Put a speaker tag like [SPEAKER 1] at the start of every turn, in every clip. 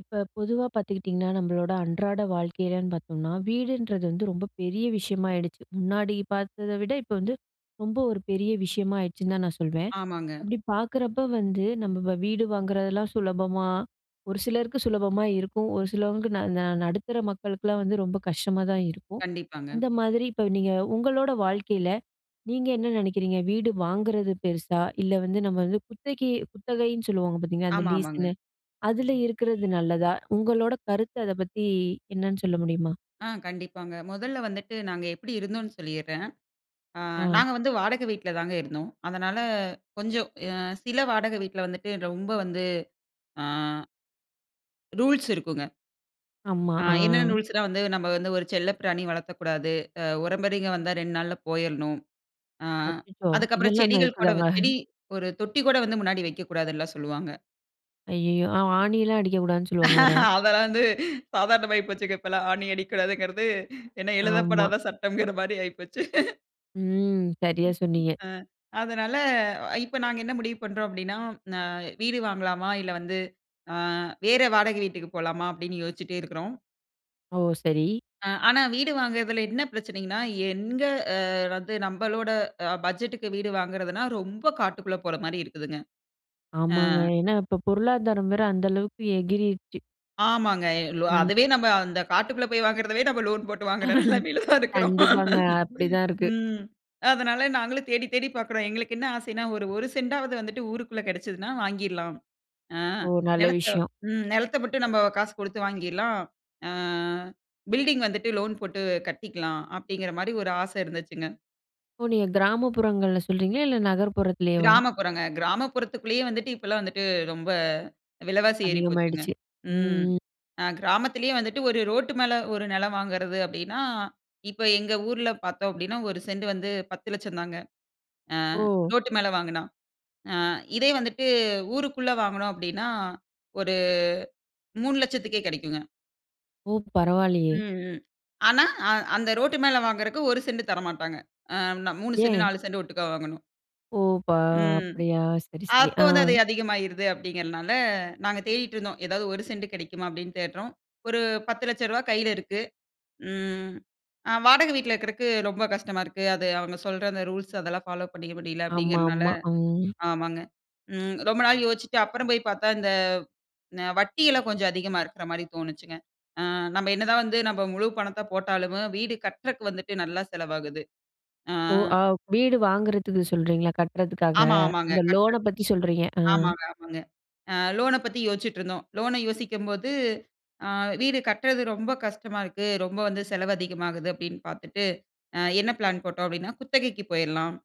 [SPEAKER 1] இப்ப பொதுவா பாத்துக்கிட்டிங்கன்னா, நம்பளோட அன்றாட வாழ்க்கையிலன்னு பார்த்தோம்னா, வீடுன்றது வந்து ரொம்ப பெரிய விஷயமாயிடுச்சு. முன்னாடி பார்த்தத விட இப்ப வந்து, ரொம்ப ஒரு பெரிய விஷயமா ஆயிடுச்சுன்னு தான் நான் சொல்லுவேன்.
[SPEAKER 2] ஆமாங்க.
[SPEAKER 1] அப்டி பாக்குறப்போ வந்து, நம்ம வ வீடு வாங்குறதெல்லாம் சுலபமா? ஒரு சிலருக்கு சுலபமா இருக்கும். ஒரு சிலவங்களுக்கு ந ந நடுத்தர மக்களுக்குலாம் வந்து, ரொம்ப கஷ்டமா தான் இருக்கும்.
[SPEAKER 2] கண்டிப்பாங்க.
[SPEAKER 1] அந்த மாதிரி இப்போ நீங்க உங்களோட வாழ்க்கையில, நீங்க என்ன நெனைக்கிறீங்க? வீடு வாங்குறது பெருசா? இல்ல வந்து நம்ம வந்து, குத்தக்கி குத்தகைன்னு சொல்லுவாங்க பார்த்தீங்களா, அந்த
[SPEAKER 2] ஆமா, ஆமாங்க.
[SPEAKER 1] லீஸ்ன்னு, அதுல இருக்குறது நல்லதா? உங்களோட கருத்து அத பத்தி என்னான்னு சொல்ல முடியுமா?
[SPEAKER 2] ஆ கண்டிப்பாங்க. மொதல்ல வந்துட்டு நாங்க எப்படி இருந்தோன்னு சொல்லிர்றேன். அ
[SPEAKER 1] ஆ.
[SPEAKER 2] நாங்க வந்து வாடக வீட்ல தாங்க இருந்தோம். அதனால, கொஞ்சம் எ சில வாடக வீட்ல வந்துட்டு, ரொம்ப வந்து அ ரூல்ஸ் இருக்குங்க.
[SPEAKER 1] ஆமா
[SPEAKER 2] ஆ
[SPEAKER 1] ஆ.
[SPEAKER 2] என்னென்ன ரூல்ஸ்ன்னா வந்து, நம்ப வந்து ஒரு செல்ல பிராணி வளர்த்தக்கூடாது. அ உறவுமுறைங்க வந்தா, 2 நாள்ள போயிறனும். ஆ
[SPEAKER 1] அச்சச்சோ!
[SPEAKER 2] அதுக்கப்பறம்
[SPEAKER 1] இதெல்லாம் இன்னும்
[SPEAKER 2] செடிகள் கூட
[SPEAKER 1] இருக்குதாங்க?
[SPEAKER 2] வச் செடி ஒரு தொட்டி கூட வந்து முன்னாடி வைக்கக்கூடாதுன்ல்லாம் சொல்லுவாங்க.
[SPEAKER 1] ஐய்யய்யோ, ஆ ஆணியலாம் அடிக்கக்கூடாதுன்னு சொல்லுவாங்க வேற.
[SPEAKER 2] அதெல்லாம் வந்து, சாதாரணமாயி போச்சுங்க இப்பல்லாம். ஆணி அடிக்கக்கூடாதுங்கிறது, ஏன்னா
[SPEAKER 1] ஆமா.
[SPEAKER 2] எழுதப்படாத சட்டம்ங்கிற மாரி ஆயிப்போச்சு.
[SPEAKER 1] ம், சரியா சொன்னீங்க.
[SPEAKER 2] அ, அதனால, இப்போ நாங்க என்ன முடிவு பண்ணுறோம் அப்படின்னா, அ வீடு வாங்கலாமா? இல்ல வந்து, அ வேற வாடக வீட்டுக்கு போலாமா? அப்படின்னு யோசிச்சிட்டே இருக்கறோம்.
[SPEAKER 1] ஓ! சரி.
[SPEAKER 2] ஆ ஆனா வீடு வாங்குறதில என்ன பிரச்சனைங்கன்னா, எங்கே அ வந்து நம்மளோட அ பட்ஜெட்டுக்கு வீடு வாங்குறதுன்னா, ரொம்ப காட்டுக்குள்ளே போற மாதிரி இருக்குதுங்க. ஆ
[SPEAKER 1] ஆமாங்க, ஏன்னா, இப்போ பொருளாதாரம் வேற அந்த அளவுக்கு எகிறிருச்சு.
[SPEAKER 2] ஆமாங்க, லோ
[SPEAKER 1] ம்.
[SPEAKER 2] அதுவே நம்ம அந்த காட்டுக்குள்ளே போய் வாங்குறதவே, நம்ம லோன் போட்டு வாங்குற நிலைமையில தான் இருக்கிறோம்.
[SPEAKER 1] கண்டிப்பாங்க, அப்படிதான் இருக்கு.
[SPEAKER 2] ம். அதனால நாங்களும் தேடி தேடி பார்க்குறோம். எங்களுக்கு என்ன ஆசைன்னா! ஒரு 1 செண்டாவது வந்துட்டு, ஊருக்குள்ள கிடச்சிதுனா வாங்கிறலாம். அ
[SPEAKER 1] ஓ! நல்ல
[SPEAKER 2] நிலத்த
[SPEAKER 1] விஷயம்.
[SPEAKER 2] நிலத்த மட்டும் நம்ப காசு கொடுத்து வாங்கிறலாம். அ பில்டிங் வந்துட்டு லோன் போட்டு கட்டிக்கலாம். அப்படிங்கிற மாதிரி ஒரு ஆசை இருந்துச்சுங்க.
[SPEAKER 1] இப்போ, நீங்க கிராமப்புறங்கள்ல சொல்றீங்களா? இல்ல நகர்ப்புறத்திலேயேவா?
[SPEAKER 2] கிராமப்புறங்க. கிராமப்புறத்துக்குள்ளயே வந்துட்டு, இப்போலாம் வந்துட்டு ரொம்ப விலைவாசி ஏறிப்போச்சுங்க.
[SPEAKER 1] அதிகமாயிடுச்சு.ம்.
[SPEAKER 2] ம்.
[SPEAKER 1] ம்.
[SPEAKER 2] அ கிராமத்திலேயே வந்துட்டு ஒரு ரோட்டு மேலே ஒரு நிலம் வாங்குறது. அப்படின்னா, இப்போ எங்கள் ஊர்ல பார்த்தோம் அப்படின்னா. 1 சென்ட் வந்து ரூ. 10,00,000 தாங்க, அ
[SPEAKER 1] ஓ!
[SPEAKER 2] ரோட்டு மேலே வாங்கினா, அ இதே வந்துட்டு ஊருக்குள்ளே வாங்கினோம் அப்படின்னா ஒரு ரூ. 3,00,000 க்கே கிடைக்குங்க.
[SPEAKER 1] ஓ! பரவாயில்லயே.
[SPEAKER 2] ம். ம். ஆனா, அ அந்த ரோட்டு மேலே வாங்குறதுக்கு 1 சென்ட் தரமாட்டாங்க. அ நம் மூணு சென்ட்
[SPEAKER 1] ஏன்?
[SPEAKER 2] நாலு சென்ட் ஒட்டுக்கா வாங்கணும்.
[SPEAKER 1] ஓ! இப்ப
[SPEAKER 2] ம்.
[SPEAKER 1] அப்படியா. சரி. சரி.
[SPEAKER 2] அப்போ
[SPEAKER 1] ஆ.
[SPEAKER 2] வந்து, அது அதிகமாயிருது அப்படிங்கிறனால, நாங்க தேடிட்டுருந்தோம். ஏதாவது 1 சென்ட் கிடைக்குமா அப்படின்னு தேடுறோம். ஒரு ரூ. 10,00000 ரூபாய் கைல இருக்கு. ம். ஆ. வாடக வீட்ல இருக்கிறக்கு ரொம்ப கஷ்டமா இருக்கு. அது அவங்க சொல்கிற அந்த ரூல்ஸ் அதெல்லாம் ஃபாலோ பண்ணிக்க முடியல.
[SPEAKER 1] ஆமா.
[SPEAKER 2] அப்படிங்கிறதுனால,
[SPEAKER 1] ஆமா. ம்.
[SPEAKER 2] ஆமாங்க. ம். ரொம்ப நாள் யோசிச்சுட்டு, அப்புறம் போய் பாத்தா இந்த, அ வட்டியெல்லாம் கொஞ்சம் அதிகமா இருக்கிற மாரி தோணுச்சுங்க. ஆ. நம்ம என்னதான் வந்து நம்ம முழு பணத்தை போட்டாலும் வீடு கட்டுறதுக்கு வந்துட்டு நல்லா செலவாகுது. ஆ.
[SPEAKER 1] ஓ! ஆ. வீடு வாங்குறதுக்கு சொல்றீங்களா? கட்டுறதுக்காக?
[SPEAKER 2] ஆமா ஆமாங்க.
[SPEAKER 1] அந்த லோன
[SPEAKER 2] கட்டுறதுக்கு
[SPEAKER 1] பத்தி சொல்றீங்க! ஆ.
[SPEAKER 2] ஆமாங்க. ஆமாங்க. ஆங் லோன்‌ன பத்தி யோசிட்டு இருந்தோம். லோன்‌ன யோசிக்கும்போது, ஆ வீடு கட்டுறது ரொம்ப கஷ்டமா இருக்கு. ரொம்ப வந்து செலவு அதிகமாகுது அப்படினு பார்த்துட்டு, ஆ என்ன பிளான் போட்டோம்? அப்படினா, குத்தகைக்கு போயிறலாம்.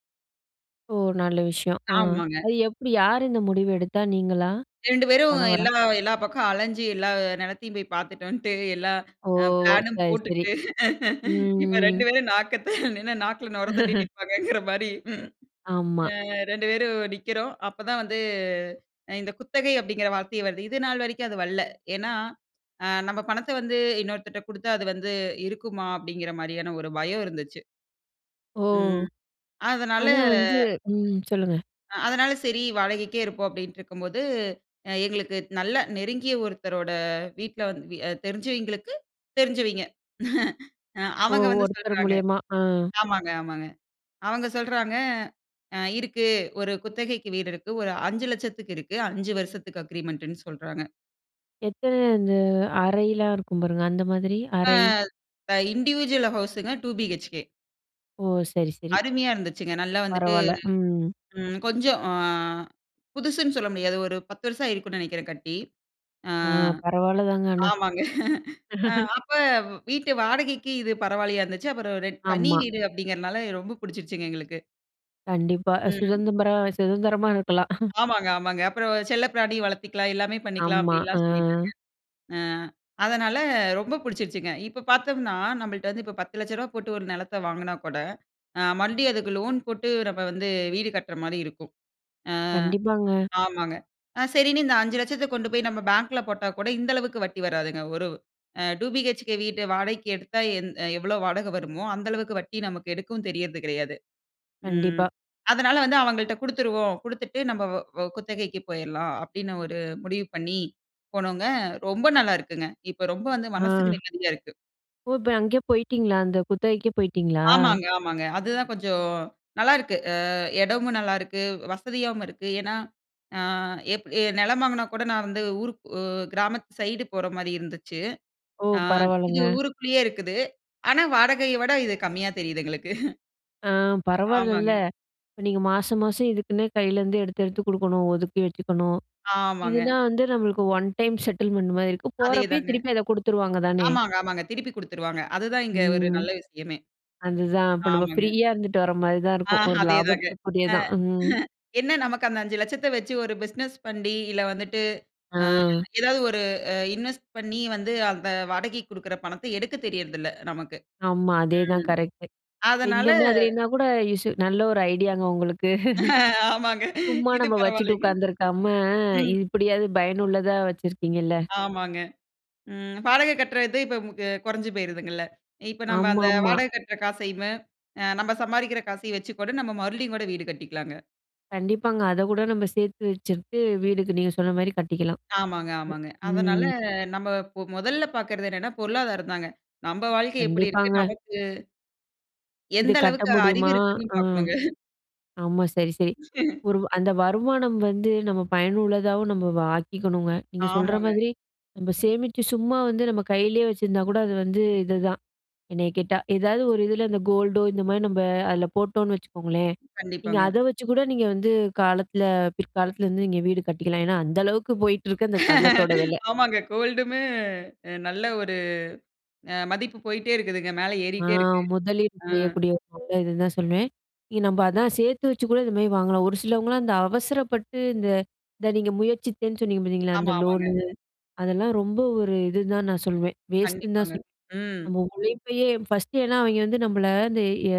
[SPEAKER 1] ஓ! நல்ல விஷயம். ஆ.
[SPEAKER 2] ஆமாங்க.
[SPEAKER 1] அது எப்படி? யாரு இந்த முடிவு எடுத்தா? நீங்களா?
[SPEAKER 2] 2 பேரும்
[SPEAKER 1] கணவரா?
[SPEAKER 2] எல்லா எல்லா பக்கம் அலைஞ்சு, எல்லா நிலத்தையும் போய் பார்த்துட்டு வந்துட்டு, எல்லா
[SPEAKER 1] ஓ!
[SPEAKER 2] ஆ
[SPEAKER 1] ஓ.
[SPEAKER 2] பிளானும்
[SPEAKER 1] சரி. சரி.
[SPEAKER 2] போட்டுட்டு,
[SPEAKER 1] ம்.
[SPEAKER 2] இப்போ
[SPEAKER 1] ம்.
[SPEAKER 2] 2 பேரும் நாக்கத் நாக்கில நுரை தள்ளி நிற்பாங்கங்கிற மாரி,
[SPEAKER 1] ஆமா.
[SPEAKER 2] ஆ ரெண்டு பேரும் நிக்கிறோம். அப்ப தான் வந்து, ஆ இந்த குத்தகை அப்படிங்கிற வார்த்தையே வருது. இது நாள் வரைக்கும் அது வரல்ல. ஏன்னா, ஆ நம்ம பணத்த வந்து இன்னொருத்தர்ட்ட குடுத்தா அது வந்து இருக்குமா? அப்படிங்கிற மாரியான ஒரு பயம் இருந்துச்சு.
[SPEAKER 1] ஓ!
[SPEAKER 2] ம். அதனால
[SPEAKER 1] ஆனா வந்து ம். சொல்லுங்க.
[SPEAKER 2] அ அதனால, "சரி! வாடகைக்கே இருப்போம்." அப்பிடீன்டிருக்கும் போது, அ எங்களுக்கு நல்ல நெருங்கிய ஒருத்தரோட வீட்ல வந் அ தெரிஞ்சவைங்களுக்கு தெரிஞ்சவைங்க. ஆ
[SPEAKER 1] ஓ!
[SPEAKER 2] அவங்க வந்து
[SPEAKER 1] ஒருத்தரு
[SPEAKER 2] சொல்றாங்க
[SPEAKER 1] மூலியமா. ஆ
[SPEAKER 2] ஆமாங்க, ஆமாங்க. அவங்க சொல்றாங்க, ஆ. இருக்கு ஒரு குத்தகைக்கு வீடு இருக்கு. ஒரு 500000க்கு இருக்கு. 5 வருஷத்துக்கு அக்ரிமெண்டுன்னு சொல்றாங்க.
[SPEAKER 1] எத்தன இந்த அறைலாம் இருக்கும் பாருங்க, அந்த மாதிரி
[SPEAKER 2] அ
[SPEAKER 1] அறை?
[SPEAKER 2] ப இண்டிவிஜுவல் ஹவுஸுங்க. Two BHK.
[SPEAKER 1] ஓ! சரி, சரி.
[SPEAKER 2] அருமையா இருந்துச்சுங்க. நல்லா வந்துட்டு
[SPEAKER 1] பரவால்ல. ம்.
[SPEAKER 2] ம் கொஞ்சம் ஆ. புதுசுனு சொல்ல முடியாது. ஒரு 10 வருஷம் ஆகியிருக்கும்னு நினைக்கிறேன், கட்டி. அ
[SPEAKER 1] ஆ. பரவாயில்லதாங்க, ஆனா.
[SPEAKER 2] ஆமாங்க. அ அப்ப, வ் வீட்டு வாடகைக்கு இது பரவால்லையா இருந்துச்சு. அப்புறம், ரெ தனி
[SPEAKER 1] ஆமா.
[SPEAKER 2] வீடு அப்பிடீங்கிறனால, ரொம்ப பிடிச்சிருச்சுங்க, எங்களுக்கு.
[SPEAKER 1] கண்டிப்பா.
[SPEAKER 2] ம்.
[SPEAKER 1] சுதந்திம்பர சுதந்திரமா இருக்கலாம்.
[SPEAKER 2] ஆமாங்க. ஆமாங்க. அப்புறம் செல்ல பிராணி வளர்த்திக்கலாம். எல்லாமே பண்ணிக்கலாம்.
[SPEAKER 1] ஆமா.
[SPEAKER 2] அப்பிடின்லாம் சொல்லிட்டாங்க.
[SPEAKER 1] ஆ.
[SPEAKER 2] அ அதனால ரொம்ப புடிச்சிருச்சுங்க. இப்ப, பார்த்தோம்னா, நம்மள்ட்ட வந்து, இப்போ ரூ.1000000 போட்டு ஒரு நிலத்த வாங்குனா கூட, அ மறுபடியும், அதுக்கு லோன் போட்டு, நம்ம வந்து வீடு கட்ற மாரி இருக்கும்.
[SPEAKER 1] கண்டிப்பாங்க.
[SPEAKER 2] அ ஆமாங்க. அ சரின்னு இந்த 500000ஐ கொண்டு போய் நம்ம பேங்க்ல போட்டா கூட இந்த அளவுக்கு வட்டி வராதுங்க. ஒரு அ டூ பிஹெச்கே வீட்ட வாடகைக்கு எடுத்தா, எந் எவ்ளோ வாடகை வருமோ, அந்த அளவுக்கு வட்டி நமக்கு எடுக்கவும் தெரியறது கிடையாது. ம்.
[SPEAKER 1] கண்டிப்பா.
[SPEAKER 2] அதனால வந்து அவங்கள்ட குடுத்துருவோம். குடுத்துட்டு நம்ம ஒ ஒ குத்தகைக்கு போயிரலாம். அப்படீன்னு ஒரு முடிவு பண்ணி போனோங்க. ரொம்ப நல்லா இருக்குங்க. இப்போ ரொம்ப வந்து மனசுக்கு
[SPEAKER 1] ஆ.
[SPEAKER 2] நிம்மதியா இருக்கு.
[SPEAKER 1] ஓ! இப்ப அங்கேயே போயிட்டிங்களா, அந்த குத்தகைக்கே போயிட்டிங்களா?
[SPEAKER 2] ஆமாங்க, ஆமாங்க. அதுதான் கொஞ்சம் நல்லாயிருக்கு அ இடமும் நல்லாயிருக்கு, வசதியாவும் இருக்கு. ஏன்னா அ எப்-எ நிலம் வாங்கினா கூட நான் வந்து ஊர் உ கிராமத்து சைடு போற மாரி இருந்துச்சு.
[SPEAKER 1] ஓ!
[SPEAKER 2] அ இது
[SPEAKER 1] பரவாயில்லங்க.
[SPEAKER 2] ஊருக்குள்ளேயே இருக்குது. ஆனா வாடகைய விட இது கம்மியா தெரியுது எங்களுக்கு.
[SPEAKER 1] அ, பரவாயிலல்ல,
[SPEAKER 2] ஆமாங்க.
[SPEAKER 1] இப்ப நீங்க மாசம், மாசம் இதுக்குன்னே கையிலேருந்து எடுத்து, எடுத்து குடுக்கணும் ஒதுக்கி வச்சுக்கணும்.
[SPEAKER 2] ஆமாங்க.
[SPEAKER 1] இதுனா வந்து நம்மளுக்கு ஒன் டைம் செட்டில்மெண்ட் மாதிரி இருக்கும்.
[SPEAKER 2] அதே
[SPEAKER 1] போறப்பயே
[SPEAKER 2] தாங்க.
[SPEAKER 1] திருப்பி அதை குடுத்துருவாங்க தானே!
[SPEAKER 2] ஆமாங்க, ஆமாங்க திருப்பி குடுத்துருவாங்க. அது தான் இங்கு ஒரு
[SPEAKER 1] ம்.
[SPEAKER 2] நல்ல விஷயமே.
[SPEAKER 1] அதுதான் இப்ப நம்ம
[SPEAKER 2] ஆமாங்க.
[SPEAKER 1] ஃப்ரீயா இருந்துட்டு வர மாதிரி தான்
[SPEAKER 2] ஆ
[SPEAKER 1] இருக்கும் ஒரு
[SPEAKER 2] அதே தாங்க. ஆ
[SPEAKER 1] லாபத்துக்குரியது தான். ம்.
[SPEAKER 2] என்ன நமக்கு அந்த ரூ.5,00,000 வச்சு. ஒரு பிசினஸ் பண்ணி இல்ல வந்துட்டு ஆ
[SPEAKER 1] ஆ.
[SPEAKER 2] ஏதாவது ஒரு இன்வெஸ்ட் பண்ணி வந்து அந்த வாடகைக்கு குடுக்கிற பணத்த எடுக்க தெரியறது இல்ல நமக்கு.
[SPEAKER 1] ஆமா, அதேதான்
[SPEAKER 2] ம்
[SPEAKER 1] கரெக்ட்‌டு. இப்ப
[SPEAKER 2] அதனால
[SPEAKER 1] இந்த மாதிரினா கூட யூசு நல்ல ஒரு ஐடியாங்க உங்களுக்கு.
[SPEAKER 2] ஆமாங்க,
[SPEAKER 1] சும்மா
[SPEAKER 2] இது
[SPEAKER 1] நம்ம வச்சுட்டு
[SPEAKER 2] பரவாயில்லைங்க.
[SPEAKER 1] உக்காந்துருக்காம
[SPEAKER 2] ம்.
[SPEAKER 1] இப்படியாவது பயனுள்ளதா வச்சிருக்கீங்கல்ல.
[SPEAKER 2] ஆமாங்க, ம் வாடகை கட்டுறது இப்போ மு க குறைஞ்சு போயிடுதுங்கல்ல. இப்போ நம்ம அந்த
[SPEAKER 1] ஆமாமா.
[SPEAKER 2] வாடகை கட்டுற காசையுமே நம்ம சம்பாதிக்கிற காசையும் வச்சு கூட நம்ம மறுபடியும் கூட வீடு கட்டிக்கலாங்க.
[SPEAKER 1] கண்டிப்பாங்க, அதைக்கூட நம்ம சேர்த்து வச்சுட்டு வீடுக்கு, நீங்க சொன்ன மாரி கட்டிக்கலாம்.
[SPEAKER 2] ஆமாங்க ஆமாங்க. அதனால
[SPEAKER 1] ம்.
[SPEAKER 2] நம்ம பொ முதல்ல பார்க்கிறது என்னன்னா, பொருளாதாரம் தாங்க, நம்ம வாழ்க்கை எப்படி இருக்கு?
[SPEAKER 1] கண்டிப்பாங்க.
[SPEAKER 2] நமக்கு
[SPEAKER 1] இது
[SPEAKER 2] எந்த
[SPEAKER 1] கட்ட
[SPEAKER 2] அளவுக்கு அறிவு
[SPEAKER 1] முடியுமா?
[SPEAKER 2] இருக்குன்னு
[SPEAKER 1] ஆ
[SPEAKER 2] பார்க்கணும்ங்க.
[SPEAKER 1] ஆமா சரி சரி, ஒரு அந்த வருமானம் வந்து நம்ம பயனுள்ளதாவும் நம்ம வ ஆக்கிக்கணுங்க, நீங்க சொல்ற
[SPEAKER 2] ஆமாங்க.
[SPEAKER 1] மாதிரி நம்ம சேமிச்சு சும்மா வந்து நம்ம கையிலயே வச்சிருந்தா கூட அது வந்து இதுதான், என்னய கேட்டா. ஏதாவது ஒரு இதுல அந்த கோல்டோ, இந்த மாதிரி நம்ம அதுல போட்டோம்னு வச்சுக்கோங்களேன். நீங்க
[SPEAKER 2] கண்டிப்பாங்க.
[SPEAKER 1] அத வச்சு கூட நீங்க வந்து காலத்துல பிற்காலத்துல வந்து நீங்க வீடு கட்டிக்கலாம். ஏன்னா அந்த அளவுக்கு போயிட்டு இருக்கு அந்த தங்கத்தோட விலை.
[SPEAKER 2] ஆமாங்க, கோல்டுமே நல்ல ஒரு அ மதிப்பு போயிட்டே இருக்குதுங்க. மேலே
[SPEAKER 1] ஆ
[SPEAKER 2] ஏறிட்டே இருக்கு,
[SPEAKER 1] முதலீடு
[SPEAKER 2] அ.
[SPEAKER 1] செய்யக்கூடிய ஒரு நல்ல இதுன்னு தான் சொல்லுவேன். இ நம்ம அதான் சேர்த்து வச்சு கூட இந்த மாதிரி வாங்கலாம். ஒரு சிலவங்கல்லாம், அந்த அவசரப்பட்டு இந்த இத நீங்க முயற்சித்தேன்னு சொன்னீங்க பார்த்தீங்களா? அந்த
[SPEAKER 2] ஆமா, ஆமாங்க.
[SPEAKER 1] லோனு அதெல்லாம் ரொம்ப ஒரு இதுன்னு தான் நான் சொல்லுவேன். வேஸ்ட்டுன்னு தான்
[SPEAKER 2] கண்டிப்பாங்க.
[SPEAKER 1] சொல்லுவேன்.
[SPEAKER 2] ம்
[SPEAKER 1] நம்ம உழைப்பையே ஃபர்ஸ்ட்டு ஏன்னா அவங்க வந்து நம்மள, வந்து அ ஏ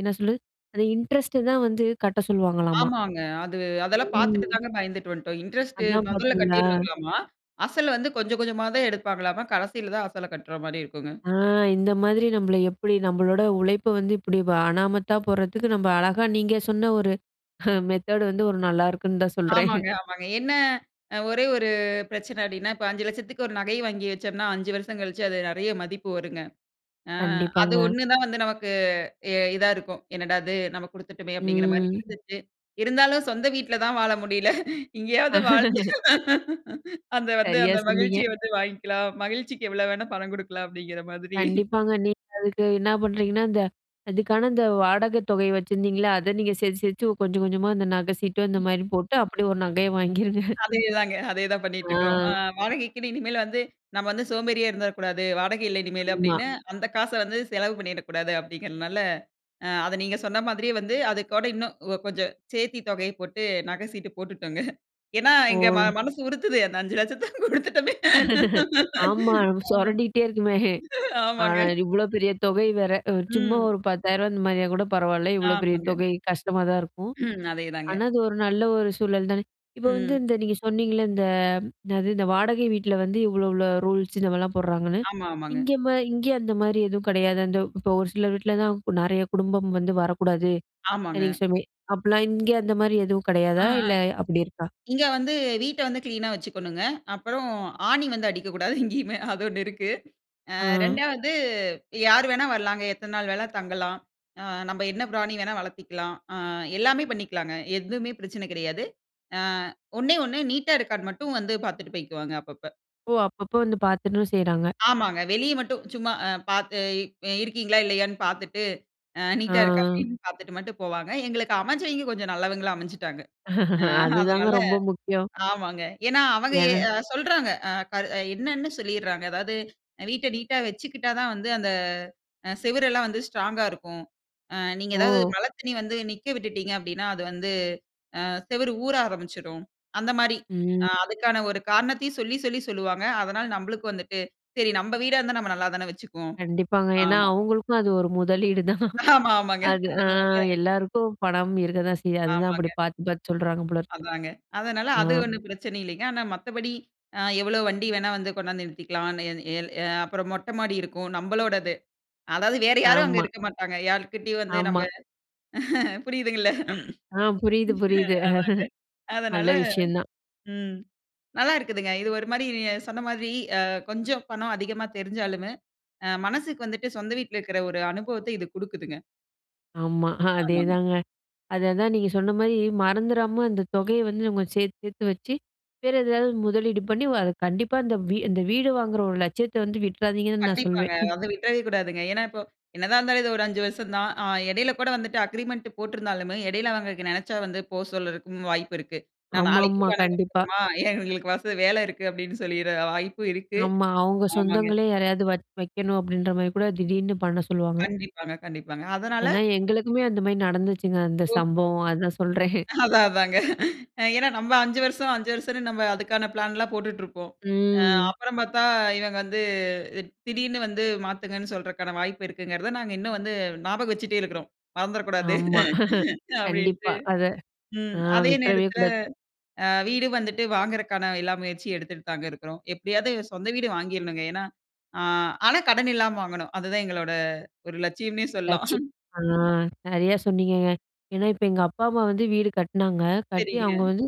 [SPEAKER 1] என்ன சொல்றது? அந்த இன்ட்ரெஸ்ட் தான் வந்து கட்ட சொல்லுவாங்களாமா,
[SPEAKER 2] ஆமாங்க, அது அதெல்லாம் பார்த்துட்டு
[SPEAKER 1] ம்.
[SPEAKER 2] தாங்க பயந்துட்டு வந்துட்டோம். இன்ட்ரெஸ்ட்
[SPEAKER 1] அதான்
[SPEAKER 2] முதல்ல
[SPEAKER 1] பாத்தீங்களா?
[SPEAKER 2] கட்டிடணுங்களாமா! அசல வந்து கொஞ்சம் கொஞ்சமா தான் எடுப்பாங்களாம். கடைசியில தான் அசல கட்டுற மாதிரி இருக்குங்க.
[SPEAKER 1] ஆ இந்த மாதிரி நம்மள எப்படி நம்மளோட உழைப்பை வந்து இப்படி வ அனாமத்தா போறதுக்கு, நம்ம அழகா நீங்க சொன்ன ஒரு மெத்தேட் வந்து ஒரு நல்லாயிருக்குன்னு தான் சொல்றேன்.
[SPEAKER 2] ஆமாங்க ஆமாங்க. என்ன ஒரே ஒரு பிரச்சனை அப்படின்னா, இப்ப 5,00,000துக்கு ஒரு நகை வாங்கி வச்சோம்னா, 5 வருஷம் கழிச்சு அது நெறைய மதிப்பு வருங்க. அ அது
[SPEAKER 1] கண்டிப்பாங்க.
[SPEAKER 2] ஒண்ணு தான் வந்து நமக்கு இதா இருக்கும். என்னடா இது நம்ம குடுத்துட்டமே! அப்படிங்கிற மாதிரி
[SPEAKER 1] ம்.
[SPEAKER 2] இருந்துச்சு. இருந்தாலும் சொந்த வீட்டில தான் வாழ முடியல. இங்கேயாவது வாழ்ந்து அந்த வந்து
[SPEAKER 1] சரியா
[SPEAKER 2] அந்த
[SPEAKER 1] சொன்னீங்க.
[SPEAKER 2] மகிழ்ச்சிய வந்து வாங்கிக்கலாம். மகிழ்ச்சிக்கு எவ்வளவு வேணா பணம் குடுக்கலாம், அப்படிங்கிற மாதிரி.
[SPEAKER 1] கண்டிப்பாங்க, நீங்க அதுக்கு என்ன பண்றீங்கன்னா, அந்த அதுக்கான இந்த வாடகைத்தொகை வச்சிருந்தீங்கள, அதை நீங்க சேர்த்து சேர்த்து கொஞ்சம் கொஞ்சமா அந்த நகை சீட்டு அந்த மாதிரி போட்டு அப்படியே ஒரு நகையை வாங்கிருங்க.
[SPEAKER 2] அதேதாங்க, அதேதான் பண்ணிட்டு இருக்கறோம். அ
[SPEAKER 1] ஆ.
[SPEAKER 2] வாடகைக்குன்னு இனிமேல் வந்து நம்ம வந்து சோம்பேறியா இருந்திரக்கூடாது. வாடகை இல்ல இனிமேல்
[SPEAKER 1] ஆமா.
[SPEAKER 2] அப்படின்னு, அந்த காசை வந்து செலவு பண்ணிடக்கூடாது அப்படிங்கிறதுனால, அ அத நீங்க சொன்ன மாதிரியே வந்து அதுக்கோட இன்னும் கொஞ்சம் சேர்த்தி தொகைய போட்டு நகை சீட்டு போட்டுட்டோங்க. ஏன்னா எங்க ம
[SPEAKER 1] போ
[SPEAKER 2] மனசு உறுத்துது. அந்த 5,00,000த்த கொடுத்துட்டோமே.
[SPEAKER 1] ஆமா, நம்மளுக்கு
[SPEAKER 2] ஆமாங்க
[SPEAKER 1] சுரடிண்டிட்டே இருக்குமே. ஆ
[SPEAKER 2] ஆமாங்க.
[SPEAKER 1] இவ்ளோ பெரிய தொகை வேற. ஒரு சும்மா
[SPEAKER 2] ம்.
[SPEAKER 1] ஒரு ரூ.10,000 அந்த மாதிரியா கூட பரவாயில்ல. இவ்ளோ பெரிய
[SPEAKER 2] ஆமாங்க.
[SPEAKER 1] தொகை, கஷ்டமா தான் இருக்கும்.
[SPEAKER 2] ம், அதே தாங்க.
[SPEAKER 1] ஆனா அது ஒரு நல்ல ஒரு சூழல் தானே, இப்போ வந்து
[SPEAKER 2] ம்.
[SPEAKER 1] இந்த நீங்க சொன்னிங்கள்ள இந்த என்னது? இந்த வாடகை வீட்டில வந்து, இவ்ளோ இவ்ளோ ரூல்ஸ் இந்த மாதிரிலாம் போடுறாங்கன்னு,
[SPEAKER 2] ஆமா, ஆமாங்க.
[SPEAKER 1] இங்கே ம இங்கே அந்த மாதிரி எதுவும் கிடையாது. அந்த இப்போ ஒரு சில வீட்டில தான் நெறைய குடும்பம் வந்து வரக்கூடாது, அ
[SPEAKER 2] ஆமாங்க.
[SPEAKER 1] நீங்க சொன்ன மாரி அப்பலாம் இங்கே அந்த மாதிரி எதுவும்
[SPEAKER 2] ஆ,
[SPEAKER 1] கிடையாதா? இல்ல அப்படி இருக்கா?
[SPEAKER 2] இங்க வந்து வீட்ட வந்து கிளீனா வச்சுக்கணுங்க. அப்புறம் ஆணி வந்து அடிக்கக்கூடாது இங்கேயுமே, அது 1 இருக்கு, அ
[SPEAKER 1] ஆ.
[SPEAKER 2] 2வது யார் வேணா வரலாங்க, எத்தனை நாள் வேணா தங்கலாம். அ நம்ம என்ன பிராணி வேணா வளர்த்திக்கலாம். அ எல்லாமே பண்ணிக்கலாங்க, எதுவுமே பிரச்சனை கிடையாது. அ ஒண்ணே 1 நீட்டா இருக்கான்னு மட்டும் வந்து பாத்துட்டு போய்க்குவாங்க. அப்பப்போ.
[SPEAKER 1] ஓ, அப்பப்ப வந்து பார்த்துணும் செய்றாங்க.
[SPEAKER 2] ஆமாங்க, வெளிய மட்டும் சும்மா அ பார்த்து, இருக்கீங்களா இல்லையான்னு பார்த்துட்டு அ நீட்‌டா இருக்கா
[SPEAKER 1] ஆ.
[SPEAKER 2] அப்படின்னு பார்த்துட்டு மட்டும் போவாங்க. எங்களுக்கு அமைஞ்சவிங்க கொஞ்சம் நல்லவங்களா அமைஞ்சுட்டாங்க. ஆ
[SPEAKER 1] அதுதாங்க
[SPEAKER 2] அதனால
[SPEAKER 1] ரொம்ப முக்கியம்.
[SPEAKER 2] ஆமாங்க. ஏன்னா அவங்க எ
[SPEAKER 1] ஏன்னா
[SPEAKER 2] சொல்றாங்க என்னன்னு சொல்லிடுறாங்க. அதாவது வீட்ட நீட்‌டா வச்சுக்கிட்டா தான் வந்து அந்த, சுவர் எல்லாம் வந்து ஸ்ட்ராங்கா இருக்கும். அ நீங்க ஏதாவது
[SPEAKER 1] ஓ!
[SPEAKER 2] மழை தண்ணீ வந்து நிக்க விட்டுட்டீங்க அப்படின்னா, அது வந்து அ சுவர் ஊற ஆரம்பிச்சுரும். அந்த மாதிரி,
[SPEAKER 1] ம்.
[SPEAKER 2] அ அதுக்கான ஒரு காரணத்தையும் சொல்லி சொல்லி சொல்லுவாங்க. அதனால நம்மளுக்கு வந்துட்டு, சரி நம்ம வீடா இருந்தா நம்ம நல்லாதான வச்சுக்குவோம்.
[SPEAKER 1] கண்டிப்பாங்க, ஏன்னா
[SPEAKER 2] ஆமா.
[SPEAKER 1] அவுங்களுக்கும் அது ஒரு முதலீடு தான்.
[SPEAKER 2] ஆமா, ஆமாங்க.
[SPEAKER 1] அது அ
[SPEAKER 2] அதனால.
[SPEAKER 1] எல்லாருக்கும் பணம் இருக்க தான் செய்யும். அதுதான் அப்படி
[SPEAKER 2] ஆமாங்க.
[SPEAKER 1] பார்த்து பார்த்து சொல்றாங்க போல இருக்கு.
[SPEAKER 2] அதாங்க. அதனால
[SPEAKER 1] அ.
[SPEAKER 2] அது ஒண்ணும் பிரச்சனை இல்லங்க. ஆனா மத்தபடி அ எவ்ளோ வண்டி வேணா வந்து கொண்டு வந்து நிறுத்திக்கலாம். ந ஏ அ அப்புறம் மொட்டை மாடி இருக்கும் நம்மளோடது. அதாவது வேற யாரும், அங்க
[SPEAKER 1] ஆமா.
[SPEAKER 2] இருக்க மாட்டாங்க யார்கிட்டயும் வந்து நம்ம.
[SPEAKER 1] ஆமா.
[SPEAKER 2] புரியுதுங்கல்ல.
[SPEAKER 1] ஆ புரியுது புரியுது.
[SPEAKER 2] அதாங்க
[SPEAKER 1] நல்ல
[SPEAKER 2] அதனால
[SPEAKER 1] விஷயம் தான்.
[SPEAKER 2] ம் நல்லாயிருக்குதுங்க. இது ஒரு மாரி நீங்க சொன்ன மாதிரி அ கொஞ்சம் பணம் அதிகமா தெரிஞ்சாலுமே, அ மனசுக்கு வந்துட்டு சொந்த வீட்டில இருக்கிற ஒரு அனுபவத்த இது குடுக்குதுங்க.
[SPEAKER 1] ஆமா.
[SPEAKER 2] ஆமாங்க.
[SPEAKER 1] அதேதாங்க. அததான் நீங்க சொன்னமாரி மறந்துறாம அந்த தொகைய வந்து நம்ம சேர்த்து சேர்த்து வச்சு வேற ஏதாவது முதலீடு பண்ணி, அது கண்டிப்பா அந்த அந்த வீ வீடு வாங்குற ஒரு லட்சியத்த வந்து விட்றாதீங்கன்னு நான்
[SPEAKER 2] கண்டிப்பாங்க.
[SPEAKER 1] சொல்வேன்.
[SPEAKER 2] அது வந்து விட்றவே கூடாதுங்க. ஏன்னா, இப்ப என்னதான் இருந்தாலும் இது ஒரு 5 வருஷம்தான். ஆ இடையில கூட வந்துட்டு அக்ரீமெண்ட் போட்டிருந்தாலுமே, இடையில அவுங்களுக்கு நினைச்சா வந்து போ சொல்றதுக்கும் வாய்ப்பு இருக்கு. நான்
[SPEAKER 1] ஆமா,
[SPEAKER 2] நாளைக்கே
[SPEAKER 1] ஆமா.
[SPEAKER 2] பணம்
[SPEAKER 1] கண்டிப்பா.
[SPEAKER 2] குடுக்கணுமா ஏன் எங்களுக்கு வச வேல இருக்கு அப்பிடின்னு சொல்லிற வாய்ப்பு இருக்கு.
[SPEAKER 1] ஆமா. அவுங்க
[SPEAKER 2] ஆமாங்க.
[SPEAKER 1] சொந்தங்களே யாரையாவது வக் வைக்கணும் அப்பிடின்றமாரி கூட திடீர்னு பண்ண சொல்லுவாங்க.
[SPEAKER 2] கண்டிப்பாங்க, கண்டிப்பாங்க. அதனால.
[SPEAKER 1] ஏன்னா, எங்களுக்குமே அந்தமாரி நடந்துச்சுங்க. அந்த
[SPEAKER 2] ஓஹோ!
[SPEAKER 1] சம்பவம் அதான் சொல்றேன்.
[SPEAKER 2] அதான், அதாங்க. ஏன்னா நம்ம 5 வருஷம், 5 வருஷன்னு நம்ம அதுக்கான பிளான்லாம் போட்டுட்ருப்போம். அ
[SPEAKER 1] ம்.
[SPEAKER 2] அப்புறம் பார்த்தா இவுங்க வந்து திடீர்னு வந்து மாத்துங்கன்னு சொல்றக்கான வாய்ப்பு இருக்குங்கிறத, நாங்க இன்னும் வந்து ஞாபகம் வச்சுட்டே இருக்குறோம். மறந்துறக்கூடாது
[SPEAKER 1] ஆமா. கண்டிப்பா
[SPEAKER 2] அப்பிடின்ட்டு.
[SPEAKER 1] அத அ
[SPEAKER 2] ம். அதே
[SPEAKER 1] விட்டுறவே
[SPEAKER 2] நேரத்தில
[SPEAKER 1] கூடாது.
[SPEAKER 2] அ வீடு வந்துட்டு வாங்குறக்கான எல்லா முயற்சி எடுத்துட்டு தாங்க இருக்கிறோம். எப்பிடியாவது சொந்த வீடு வாங்கிறணுங்க. ஏன்னா, அ ஆனா கடன் இல்லாம வாங்கணும். அதுதான் எங்களோட ஒரு லட்சியம்ன்னே சொல்லாம்.
[SPEAKER 1] லட்சியம். அ நிறையா
[SPEAKER 2] ம்.
[SPEAKER 1] சொன்னீங்கங்க. ஏன்னா, இப்ப எங்க அப்பா, அம்மா வந்து வீடு கட்டுனாங்க. கட்டி
[SPEAKER 2] சரிங்க.
[SPEAKER 1] அவுங்க வந்து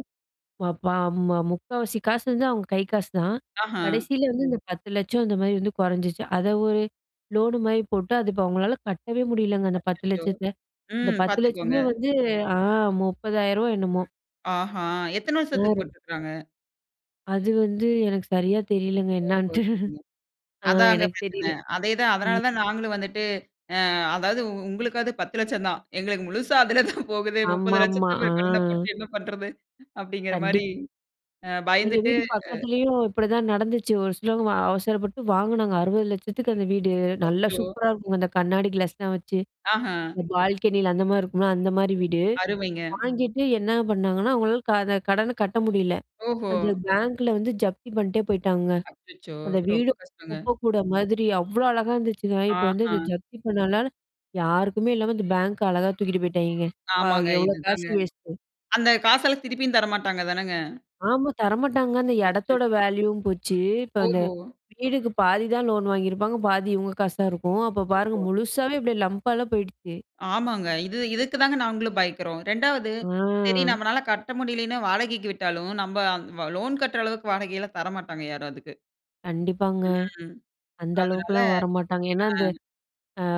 [SPEAKER 1] ப ப ம முக்காவாசி காசுவந்து அவுங்க கை காசுதான்.
[SPEAKER 2] ஆஹா!
[SPEAKER 1] கடைசியில வந்து இந்த ரூ.10,00,000 அந்த மாரி வந்து குறைஞ்சிச்சு. அத ஒரு லோனுமாரி போட்டு அது இப்ப அவங்களால கட்டவே முடியலங்க. அந்த பத்து
[SPEAKER 2] அச்சச்சோ!
[SPEAKER 1] லட்சத்த. அந்த
[SPEAKER 2] ம்
[SPEAKER 1] பத்து
[SPEAKER 2] பாத்துக்கோங்க.
[SPEAKER 1] லட்சமே வந்து ஆ ரூ.30,000வா என்னமோ!
[SPEAKER 2] ஆஹா! எத்தன வருசத்துக்கு
[SPEAKER 1] யாரு?
[SPEAKER 2] போட்ருக்காங்க?
[SPEAKER 1] அது வந்து எனக்கு சரியா தெரியலங்க
[SPEAKER 2] ஓஹோ!
[SPEAKER 1] என்னான்ட்டு.
[SPEAKER 2] சரிங்க.
[SPEAKER 1] அ
[SPEAKER 2] அதா அங்க
[SPEAKER 1] எனக்கு
[SPEAKER 2] பிரச்சன.
[SPEAKER 1] தெரில.
[SPEAKER 2] அதே தான்
[SPEAKER 1] ம்.
[SPEAKER 2] அதனால தான் நாங்களும் வந்துட்டு அ அதாவது, உங்களுக்காவது 10,00000 தான் எங்களுக்கு முழுசா அதுல தான் போகுதே. முப்பது
[SPEAKER 1] ஆமாமா.
[SPEAKER 2] லட்சத்த கடன
[SPEAKER 1] ஆ.
[SPEAKER 2] போட்டு என்ன பண்றது? அப்டிங்கற
[SPEAKER 1] கண்டிப்.
[SPEAKER 2] மாரி அ
[SPEAKER 1] எங்க
[SPEAKER 2] பயந்துட்டு
[SPEAKER 1] வீட்டு
[SPEAKER 2] அ
[SPEAKER 1] பக்கத்துலேயும் இப்டிதான் நடந்துச்சு. ஒரு சிலவங்க வ அவசரப்பட்டு வாங்குனாங்க. 60,00000 அந்த வீடு நல்லா
[SPEAKER 2] அச்சோ!
[SPEAKER 1] சூப்பரா இருக்குங்க அந்த கண்ணாடி க்ளாஸ்லாம் வச்சு,
[SPEAKER 2] ஆஹ.
[SPEAKER 1] இந்த பால்கனில அந்தமாரி இருக்கும்ல அந்த மாரி வீடு.
[SPEAKER 2] அருமைங்க.
[SPEAKER 1] வாங்கிட்டு என்ன பண்ணாங்கன்னா, அவங்களால க அத கடன கட்ட முடியல.
[SPEAKER 2] ஓஹோ!
[SPEAKER 1] அந்த பேங்க்ல வந்து ஜப்தி பண்ணிட்டே போய்ட்டாங்கங்க.
[SPEAKER 2] அச்சச்சோ!
[SPEAKER 1] அந்த
[SPEAKER 2] ரொம்ப
[SPEAKER 1] வீடு
[SPEAKER 2] கஷ்டங்க.
[SPEAKER 1] குப்பக்கூடம் மாதிரி அவ்ளோ அழகா இருந்துச்சுங்க.
[SPEAKER 2] ஆ
[SPEAKER 1] இப்போ வந்து
[SPEAKER 2] அ.
[SPEAKER 1] இத ஜப்தி பண்ணதுனால யாருக்குமே இல்லாம அந்த பேங்க் அழகா தூக்கிட்டு போய்ட்டாங்கங்க. பாவம்
[SPEAKER 2] ஆமாங்க
[SPEAKER 1] எவ்ளோ
[SPEAKER 2] இதுதாங்க.
[SPEAKER 1] காசு வேஸ்ட்டு.
[SPEAKER 2] அந்த காசெல்லாம் திருப்பியும் தரமாட்டாங்க தானங்க?
[SPEAKER 1] ஆமா தரமாட்டாங்க அந்த
[SPEAKER 2] அச்சோ!
[SPEAKER 1] எடத்தோட வேல்யூவும் போச்சு. இப்ப அந்த
[SPEAKER 2] ஓஹோ!
[SPEAKER 1] வீடுக்கு பாதி தான் லோன் வாங்கிருப்பாங்க. பாதி இவங்க காசா இருக்கும். அப்ப பாருங்க
[SPEAKER 2] ஓஹோ.
[SPEAKER 1] முழுசாவே இப்டி லம்பால்ல போயிடுச்சு.
[SPEAKER 2] ஆமாங்க. இத இதுக்கு தான் நாங்களும் பயப்பட்றோம் 2வது சரி,
[SPEAKER 1] ஆ.
[SPEAKER 2] நம்மனால கட்ட முடியல்லின்னு வாடகைக்கு விட்டாலும் நம்ப லோன் கட்ற அளவுக்கு வாடகைலாம் தரமாட்டாங்க யாரும் அதுக்கு.
[SPEAKER 1] கண்டிப்பாங்க
[SPEAKER 2] ம்.
[SPEAKER 1] அந்த
[SPEAKER 2] அதனால
[SPEAKER 1] அளவுக்குலாம் வரமாட்டாங்க. ஏன்னா இந்த
[SPEAKER 2] அ.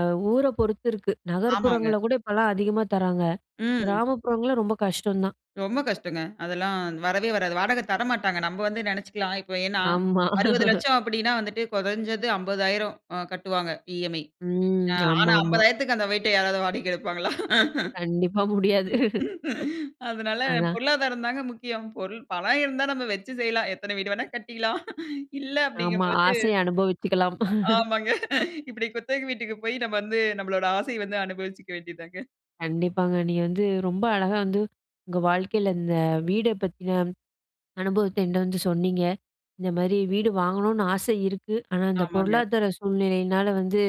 [SPEAKER 1] அ ஊர பொறுத்து இருக்கு.
[SPEAKER 2] ஆமாங்க.
[SPEAKER 1] நகர்ப்புறங்கள்ல கூட இப்பலாம் அதிகமாதர்றாங்க.
[SPEAKER 2] ம்.
[SPEAKER 1] கிராமப்புறங்கள்ல ரொம்ப கஷ்டம் தான்.
[SPEAKER 2] ரொம்ப கஷ்டங்க அதெலாம் வரவே வராது. வாடக தரமாட்டாங்க. நம்ப வந்து நெனச்சுக்கலாம். இப்போ ஏன்னா
[SPEAKER 1] ஆமா.
[SPEAKER 2] அறுபது லட்சம் அப்டின்னா வந்துட்டு குறைந்தது 50,000 அ கட்டுவாங்க இஎம்ஐ. அ
[SPEAKER 1] ம்.
[SPEAKER 2] ஆனா
[SPEAKER 1] ஆமா ஆமா.
[SPEAKER 2] 50,000 க்கு அந்த வீட்ட யாராவது வாடகைக்கு எடுப்பாங்களா?
[SPEAKER 1] கண்டிப்பா முடியாது.
[SPEAKER 2] அதனால
[SPEAKER 1] அதான்.
[SPEAKER 2] பொருளாதாரம் தாங்க முக்கியம். பொருள் பணம் இருந்தா நம்ம வச்சு செய்யலாம். எத்தன வீடு வேணாலும் கட்டிக்கலாம். இல்ல அப்டிங்கும்
[SPEAKER 1] ஆமா
[SPEAKER 2] போது,
[SPEAKER 1] ஆசைய அனுபவிச்சுக்கலாம்.
[SPEAKER 2] ஆமாங்க. இப்டி குத்தகை வீட்டுக்கு போயி, நம்ம வந்து நம்ளோட ஆசை வந்து அனுபவிச்சுக்க வேண்டியது தாங்க.
[SPEAKER 1] கண்டிப்பாங்க நீங்க வந்து ரொம்ப அழகா வந்து, உங்க வாழ்க்கையில இந்த வீட பத்தின அனுபவத்த என்கிட்ட வந்து சொன்னீங்க. இந்த மாரி வீடு வாங்கணுன்னு ஆசை இருக்கு. ஆனா இந்த
[SPEAKER 2] ஆமாங்க.
[SPEAKER 1] பொருளாதார சூழ்நிலையினால வந்து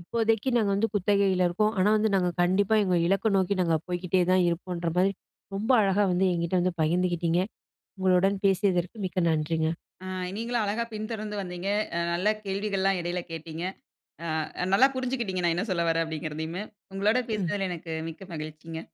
[SPEAKER 1] இப்போதைக்கு நாங்க வந்து குத்தகையில இருக்கோம். ஆனா வந்து நாங்க கண்டிப்பா எங்க இலக்க நோக்கி நாங்க போய்க்கிட்டே தான் இருப்போன்ற மாரி, ரொம்ப அழகா வந்து என்கிட்ட வந்து பகிர்ந்துக்கிட்டீங்க. உங்களுடன் பேசியதற்கு மிக்க நன்றிங்க
[SPEAKER 2] அ நீங்களும் அழகா பின் தொடர்ந்து வந்தீங்க. அ நல்ல கேள்விகள்லாம் இடையில கேட்டீங்க. அ நல்லா புரிஞ்சுக்கிட்டீங்க நான் என்ன சொல்லவறேன் அப்டிங்கறதையுமே. உங்களோட
[SPEAKER 1] ம்.
[SPEAKER 2] பேசுனதுல எனக்கு மிக்க மகிழ்ச்சிங்க.